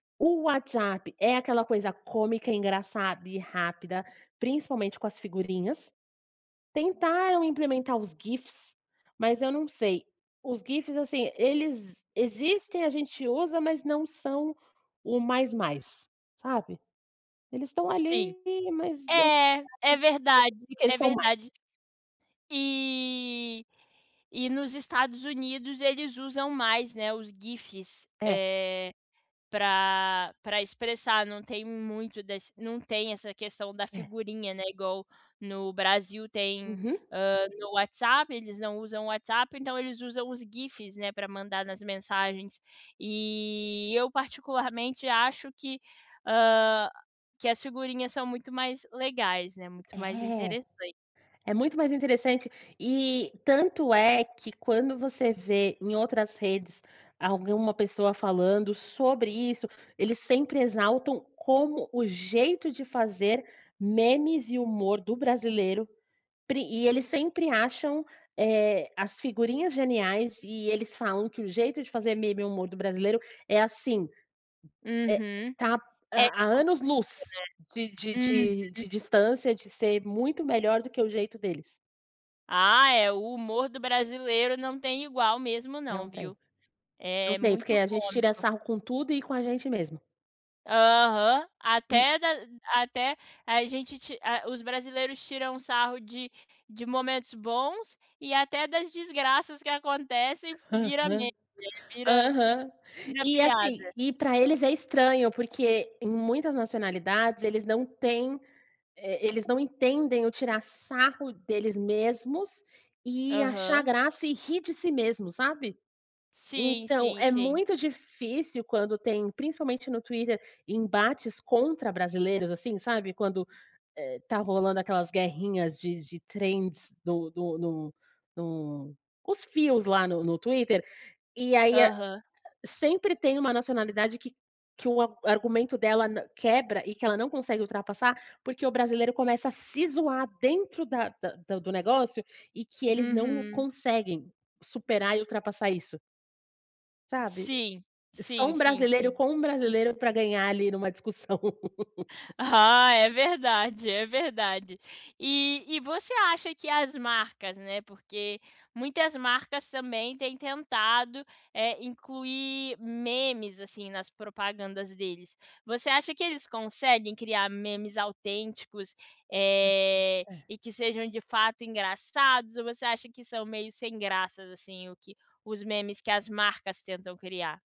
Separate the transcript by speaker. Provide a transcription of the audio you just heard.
Speaker 1: O WhatsApp é aquela coisa cômica, engraçada e rápida, principalmente com as figurinhas. Tentaram implementar os GIFs, mas eu não sei, os GIFs, assim, eles existem, a gente usa, mas não são o "mais mais", sabe. Eles estão
Speaker 2: Sim,
Speaker 1: ali, mas
Speaker 2: é, é verdade,
Speaker 1: [unintelligible]
Speaker 2: é
Speaker 1: são mai
Speaker 2: verdade. E e nos Estados Unidos eles usam mais, né, os GIFs,
Speaker 1: É.
Speaker 2: eh, pra pra expressar, não tem muito das não tem essa questão da
Speaker 1: É.
Speaker 2: figurinha, né, igual no Brasil tem,
Speaker 1: Uhum.
Speaker 2: hã, no WhatsApp. Eles não usam o WhatsApp, então eles usam os GIFs, né, pra mandar nas mensagens e eu particularmente acho que, hã, que as figurinhas são muito mais legais, né, muito mais
Speaker 1: É.
Speaker 2: interessan
Speaker 1: É muito mais interessante e tanto é que quando você vê em outras redes alguma pessoa falando sobre isso, eles sempre exaltam como o jeito de fazer memes e humor do brasileiro, prin e eles sempre acham, eh, as figurinhas geniais e eles falam que o jeito de fazer meme e humor do brasileiro é, assim, eh,
Speaker 2: Uhum,
Speaker 1: tá a
Speaker 2: é
Speaker 1: a
Speaker 2: cômico,
Speaker 1: anos-luz de de
Speaker 2: né.
Speaker 1: de
Speaker 2: Uhum.
Speaker 1: de distância, de ser muito melhor do que o jeito deles.
Speaker 2: Ah, é! O humor do brasileiro não tem igual mesmo não,
Speaker 1: Não tem.
Speaker 2: viu.
Speaker 1: Não
Speaker 2: É
Speaker 1: tem, porque
Speaker 2: muito
Speaker 1: a gente tira
Speaker 2: cômico.
Speaker 1: sarro com tudo e com a gente mesmo.
Speaker 2: Aham,
Speaker 1: E
Speaker 2: até da até a gente ti a os brasileiros tiram um sarro de de momentos bons e até das desgraças que acontecem vira
Speaker 1: Aham,
Speaker 2: me [unintelligible] vira
Speaker 1: aham.
Speaker 2: vira
Speaker 1: E, assim,
Speaker 2: piada.
Speaker 1: e pra eles é estranho, porque em muitas nacionalidades eles não têm, eh, eles não entendem o tirar sarro deles mesmos e achar
Speaker 2: Aham.
Speaker 1: graça e rir de si mesmo, sabe.
Speaker 2: Sim,
Speaker 1: Então
Speaker 2: sim,
Speaker 1: é
Speaker 2: sim.
Speaker 1: muito difícil quando tem, principalmente no Twitter, embates contra brasileiros, assim, sabe quando, eh, tá rolando aquelas guerrinhas de de trends no no no no os fios lá no no Twitter. E aí a
Speaker 2: Aham.
Speaker 1: sempre tem uma nacionalidade que que o ar argumento dela n quebra e que ela não consegue ultrapassar, porque o brasileiro começa a se zoar dentro da da do negócio e que eles não
Speaker 2: Uhum.
Speaker 1: conseguem superar e ultrapassar isso. Sabe,
Speaker 2: Sim,
Speaker 1: só
Speaker 2: sim,
Speaker 1: um
Speaker 2: sim,
Speaker 1: brasileiro
Speaker 2: sim.
Speaker 1: com um brasileiro pra ganhar ali numa discussão.
Speaker 2: Ah, é verdade, é verdade. E e você acha que as marcas, né, porque muitas marcas também têm tentado, eh, incluir memes assim, nas propagandas deles. Você acha que eles conseguem criar memes autênticos, eh,
Speaker 1: É.
Speaker 2: e que sejam de fato engraçados ou você acha que são meio sem graças, assim, o que os memes que as marcas tentam criar?